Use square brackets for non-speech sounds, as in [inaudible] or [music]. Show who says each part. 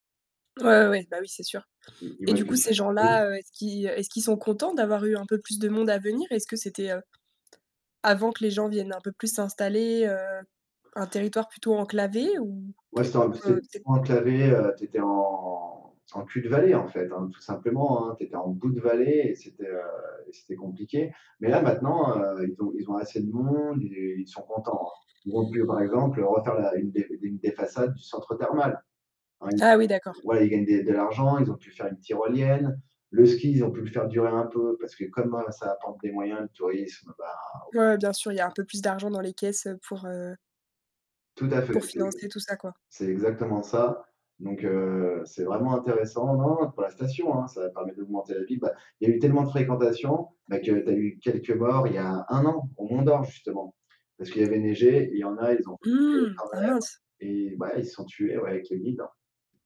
Speaker 1: Ouais, ouais, ouais, bah oui, c'est sûr,
Speaker 2: Ils ils
Speaker 1: et
Speaker 2: voyaient
Speaker 1: du
Speaker 2: que
Speaker 1: coup
Speaker 2: tu
Speaker 1: ces
Speaker 2: Oui.
Speaker 1: gens-là, heu, est-ce qu'ils est-ce qu'ils sont contents d'avoir eu un peu plus de monde à venir? Est-ce que c'était, heu, avant que les gens viennent un peu plus s'installer, heu, un territoire plutôt enclavé ou?
Speaker 2: Ouais, c'était
Speaker 1: Qué
Speaker 2: en plus, c'é
Speaker 1: que c'est
Speaker 2: trop enclavé, heu, tu étais en en cul-de-vallée en fait, hein, tout simplement, hein, tu étais en bout de vallée et c'était, heu, et c'était compliqué, mais là maintenant, heu, ils ont ils ont assez de monde, ils, heu, ils sont contents, hein. Ils ont pu, heu, par exemple, heu, refaire la une des, d une des façades du centre thermal.. [unintelligible]
Speaker 1: Ah oui d'accord.
Speaker 2: Voilà, ils gagnent des de l'argent, ils ont pu faire une tyrolienne. Le ski, ils ont pu le faire durer un peu, parce que comme, heu, ça apporte des moyens de tourisme, bah au
Speaker 1: Ouais, bien sûr, il y a un peu plus d'argent dans les caisses, heu, pour heu
Speaker 2: Tout à fait,
Speaker 1: pour
Speaker 2: c'est
Speaker 1: financer tout ça, quoi.
Speaker 2: c'est exactement ça, donc, heu, c'est vraiment intéressant, non, non, pour la station hein, ça va permettre d'augmenter la vie. Bah, il y a eu tellement de fréquentation, bah que tu as eu quelques morts il y a un an, au Mont-Dore justement. Parce qu'il avait neigé, et il y en a, ils ont pris le télé
Speaker 1: Mmh!
Speaker 2: quand
Speaker 1: Ah mince!
Speaker 2: même, et bah ouais ils se sont tués, ouais, avec les guides.